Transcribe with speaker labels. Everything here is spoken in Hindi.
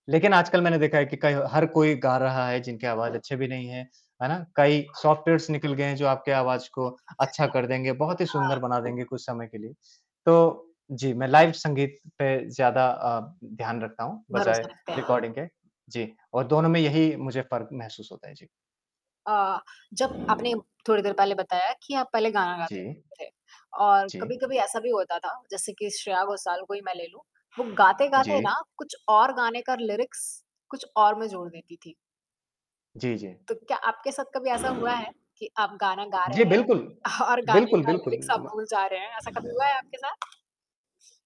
Speaker 1: लेकिन, आजकल मैंने देखा है कि कई हर कोई गा रहा है जिनकी आवाज़ अच्छी भी नहीं है, है ना? कई सॉफ्टवेयर्स निकल गए हैं जो आपके आवाज़ को अच्छा कर देंगे, बहुत ही सुंदर
Speaker 2: हाँ।
Speaker 1: बना देंगे कुछ समय के लिए। तो जी, मैं लाइव संगीत पे ज़्यादा अ, ध्यान रखता हूँ बजाए
Speaker 2: भरोसा रखते हैं।
Speaker 1: रिकॉर्डिंग के। जी और दोनों में यही मुझे फ़र्क महसूस होता है। जी।
Speaker 2: अ, जब आपने थोड़ी देर पहले बताया कि आप पहले गाना गाते
Speaker 1: जी।
Speaker 2: थे और
Speaker 1: जी।
Speaker 2: कभी-कभी ऐसा भी होता था जैसे कि श्रेया घोषाल को ही मैं ले लूँ। वो गाते-गाते ना
Speaker 1: जी।
Speaker 2: कुछ और गाने का लिरिक्स कुछ और मैं जोड़ देती थी।
Speaker 1: जी, जी।
Speaker 2: तो क्या आपके साथ कभी ऐसा हुआ है कि आप गाना गा
Speaker 1: जी,
Speaker 2: रहे हैं,
Speaker 1: बिल्कुल।
Speaker 2: और गाने
Speaker 1: बिल्कुल,
Speaker 2: का
Speaker 1: बिल्कुल,
Speaker 2: लिरिक्स आप
Speaker 1: म
Speaker 2: भूल जा रहे हैं। ऐसा कभी हुआ है आपके साथ?